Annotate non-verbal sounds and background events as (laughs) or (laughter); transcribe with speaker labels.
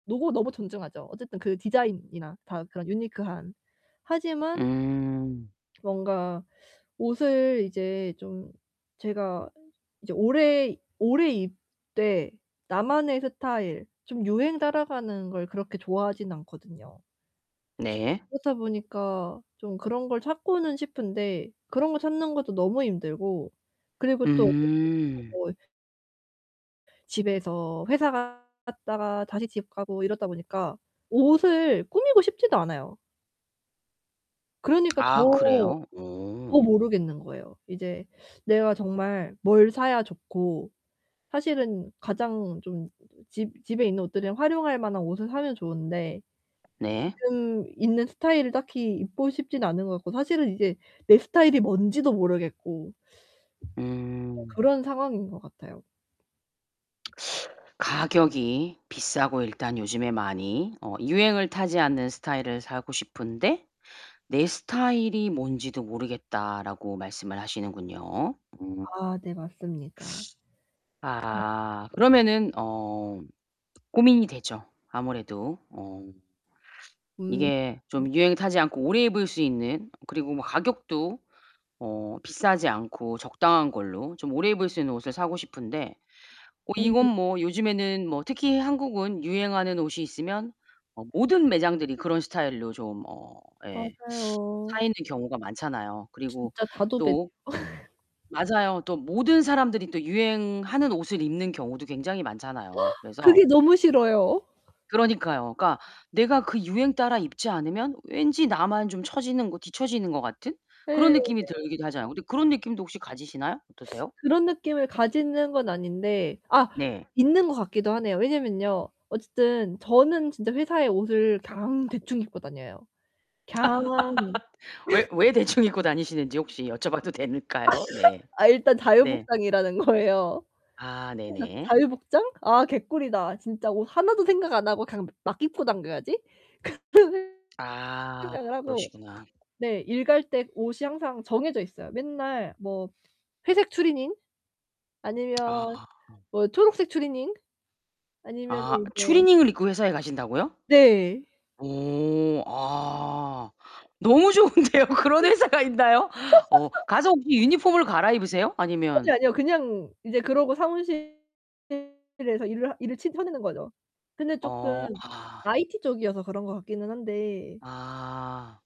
Speaker 1: 로고 너무 존중하죠, 어쨌든 그 디자인이나 다 그런 유니크한. 하지만
Speaker 2: 음.
Speaker 1: 뭔가 옷을 이제 좀 제가 이제 오래 오래 입되 나만의 스타일 좀 유행 따라가는 걸 그렇게 좋아하진 않거든요.
Speaker 2: 네.
Speaker 1: 그렇다 보니까 좀 그런 걸 찾고는 싶은데 그런 걸 찾는 것도 너무 힘들고 그리고 또 어쨌든
Speaker 2: 음.
Speaker 1: (unintelligible) 집에서 회사 갔다가 다시 집 가고 이러다 보니까 옷을 꾸미고 싶지도 않아요. 그러니까 더,
Speaker 2: 아 그래요?
Speaker 1: 더
Speaker 2: 오.
Speaker 1: 모르겠는 거예요. 이제 내가 정말 뭘 사야 좋고 사실은 가장 좀 집 집에 있는 옷들을 활용할 만한 옷을 사면 좋은데
Speaker 2: 네.
Speaker 1: 지금 있는 스타일을 딱히 입고 싶진 않은 것 같고 사실은 이제 내 스타일이 뭔지도 모르겠고 어
Speaker 2: 음.
Speaker 1: 그런 상황인 것 같아요.
Speaker 2: (smacks lips) "가격이 비싸고 일단 요즘에 많이 어 유행을 타지 않는 스타일을 사고 싶은데 내 스타일이 뭔지도 모르겠다."라고 말씀을 하시는군요. 음
Speaker 1: 아 네 맞습니다. (unintelligible)
Speaker 2: 아 그러면은 어 고민이 되죠. 아무래도 어
Speaker 1: 음.
Speaker 2: 이게 좀 유행 타지 않고 오래 입을 수 있는 그리고 뭐 가격도 어 비싸지 않고 적당한 걸로 좀 오래 입을 수 있는 옷을 사고 싶은데 뭐
Speaker 1: 네네네.
Speaker 2: 이건 뭐 요즘에는 뭐 특히 한국은 유행하는 옷이 있으면 어 모든 매장들이 그런 스타일로 좀 어 예
Speaker 1: 맞아요.
Speaker 2: 차 있는 경우가 많잖아요. 그리고
Speaker 1: 진짜 다 도배 돼요.
Speaker 2: 또
Speaker 1: (laughs)
Speaker 2: 맞아요. 또 모든 사람들이 또 유행하는 옷을 입는 경우도 굉장히 많잖아요.
Speaker 1: (gasps)
Speaker 2: 그래서
Speaker 1: 그게 너무 싫어요.
Speaker 2: 그러니까요. 그러니까 내가 그 유행 따라 입지 않으면 왠지 나만 좀 처지는 거 뒤쳐지는 것 같은
Speaker 1: 네
Speaker 2: 그런
Speaker 1: 네.
Speaker 2: 느낌이 들기도 하잖아요. 근데 그런 느낌도 혹시 가지시나요? 어떠세요?
Speaker 1: 그런 느낌을 가지는 건 아닌데 아
Speaker 2: 네.
Speaker 1: 있는 것 같기도 하네요. 왜냐면요. 어쨌든 저는 진짜 회사에 옷을 그냥 대충 입고 다녀요. 그냥.
Speaker 2: (laughs) 왜
Speaker 1: (laughs)
Speaker 2: 왜 대충 입고 다니시는지 혹시 여쭤봐도 될까요?
Speaker 1: (laughs)
Speaker 2: 네.
Speaker 1: 아 일단 자유
Speaker 2: 네.
Speaker 1: 복장이라는 거예요.
Speaker 2: 아
Speaker 1: 그래서
Speaker 2: 네네.
Speaker 1: '자유 복장? 아 개꿀이다. 진짜 옷 하나도 생각 안 하고 그냥 막 입고 다녀야지.' 그런 생
Speaker 2: 아
Speaker 1: 생각을 하고
Speaker 2: 그러시구나.
Speaker 1: 네. 일 갈 때 옷이 항상 정해져 있어요. 맨날 뭐 회색 추리닝 아니면
Speaker 2: 아.
Speaker 1: 뭐 초록색 추리닝 아니면은
Speaker 2: 아
Speaker 1: 이제
Speaker 2: 추리닝을 입고 회사에 가신다고요?
Speaker 1: 네.
Speaker 2: 오. 아 너무 좋은데요. 그런 회사가 있나요? 어
Speaker 1: (laughs)
Speaker 2: 가서 혹시 유니폼으로 갈아입으세요? 아니면
Speaker 1: 아니요, 아니요. 그냥 이제 그러고 사무실에서 일을 하 일을 치 쳐내는 거죠. 근데 쪼끔
Speaker 2: 어 아.
Speaker 1: IT 쪽이어서 그런 것 같기는 한데
Speaker 2: 아.